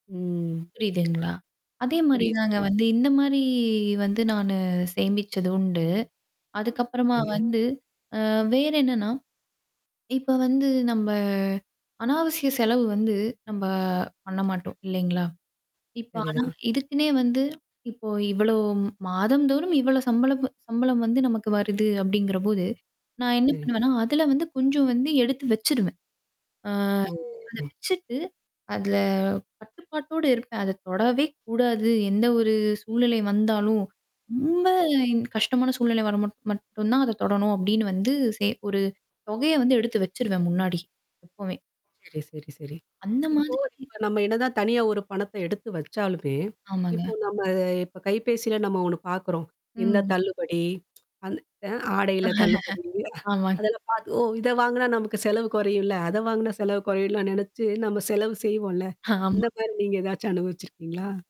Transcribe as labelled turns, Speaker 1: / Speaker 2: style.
Speaker 1: ம்.
Speaker 2: புரியுதுங்களா?
Speaker 1: புரியுது,
Speaker 2: அதேமாரிதாங்க
Speaker 1: புரியுது.
Speaker 2: வந்து இந்தமாரி வந்து நானு சேமிச்சது உண்டு. அதுக்கப்புறமா
Speaker 1: [unintelligible]
Speaker 2: வந்து அ வேற என்னன்னா, இப்ப வந்து நம்ப அநாவசிய செலவு வந்து நம்ப பண்ண மாட்டோம். இல்லேங்களா? இப்ப
Speaker 1: சரி
Speaker 2: ஆனா
Speaker 1: தான்.
Speaker 2: இதுக்குன்னே வந்து இப்போ இவ்ளோ மாதம்ந்தோறும் இவ்ளோ சம்பள சம்பளம் வந்து நமக்கு வருது அப்பிடிங்கிறபோது. நான் என்ன
Speaker 1: சரிங்க.
Speaker 2: பண்ணுவேன்னா, அதல வந்து கொஞ்சம் வந்து எடுத்து வச்சுருவேன்.
Speaker 1: ஓ!
Speaker 2: ஆ. அத
Speaker 1: [unintelligible]
Speaker 2: வச்சுட்டு அதுல கட்டுப்பாட்டோட இருப்பேன். அத தொடவே கூடாது. எந்த ஒரு சூழ்நிலை வந்தாலும். ரொம்ப
Speaker 1: சரி.
Speaker 2: கஷ்டமான சூழ்நிலை வர மட் மட்டும் தான் அத தொடணும் அப்பிடின்னு வந்து சே ஒரு தொகைய வந்து எடுத்து வச்சுருவேன் முன்னாடி. எப்பமே!
Speaker 1: சரி, சரி, சரி.
Speaker 2: அந்த
Speaker 1: இப்போ.
Speaker 2: மாதிரி.
Speaker 1: இப்ப நம்ம என்னதான் தனியா ஒரு பணத்த எடுத்து வச்சாலுமே இப்போ
Speaker 2: ஆமாங்க.
Speaker 1: நம்ம அ இப்ப கைபேசில நம்ம ஒன்னு பாக்குறோம். இந்த
Speaker 2: ம்.
Speaker 1: தள்ளுபடி. அந்த அ ஆடையில தள்ளுபடி.
Speaker 2: ஆமாங்க.
Speaker 1: அதில பா ஓ! இத வாங்குனா நமக்கு செலவு குறையும்ல. அத வாங்குனா செலவு குறையும்லாம் நினச்சு நம்ம செலவு செய்வோம்ல.
Speaker 2: ஆமாங்க.
Speaker 1: அந்தமாரி நீங்க ஏதாச்சும் அனுபவிச்சிருக்கீங்களா?